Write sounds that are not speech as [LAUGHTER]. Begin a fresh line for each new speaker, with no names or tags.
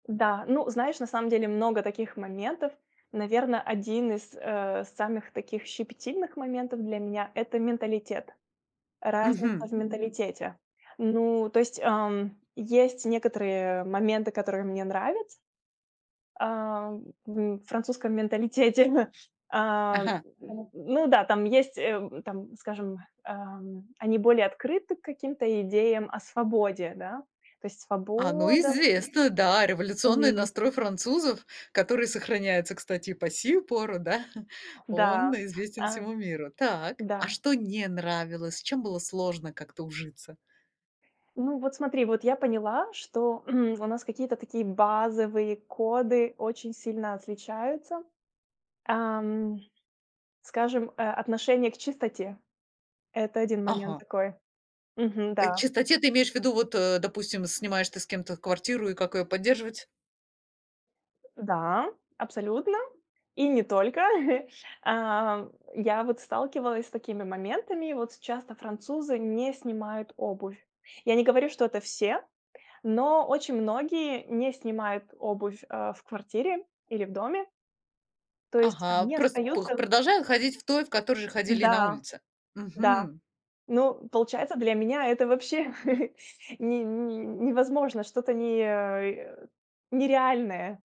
Да, ну, знаешь, на самом деле много таких моментов. Наверно, 1 из, э, самых таких щепетильных моментов для меня- это менталитет. Разница
Мгм.
в менталитете. Ну, то есть, ам, есть некоторые моменты, которые мне нравятся, ам, во французском менталитете. А,
Ага.
н ну да, там есть, э, там, скажем, эм, они более открыты к каким-то идеям о свободе, да. То есть
А, ну,
свобода вот мысли.
известно, да, революционный
Мгм.
настрой французов, который сохраняется, кстати, и по сию пору, да, [CHUCKLES]
Да
он известен
а,
всему миру. Так,
да.
а что не нравилось, с чем было сложно как-то ужиться?
Ну, вот смотри, вот я поняла, что, [CLEARS THROAT] у нас какие-то такие базовые коды очень сильно отличаются. Ам, скажем, э, отношение к чистоте. Это 1 момент
Ага.
такой. Мгм,
Э,
да.
чистоте ты имеешь в виду, вот, э, допустим, снимаешь ты с кем-то квартиру и как её поддерживать?
Да, абсолютно, и не только. [CHUCKLES] А, я вот сталкивалась с такими моментами. Вот часто французы не снимают обувь. Я не говорю, что это все, но очень многие не снимают обувь, э, в квартире или в доме. То есть
Ага,
они
просто пр
остаются
продолжаю ходить в той, в которой же ходили и на
Да
улице.
да,
Мгм.
ну, получается, для меня это вообще [CHUCKLES] не невозможно, что-то, не, э, нереальное.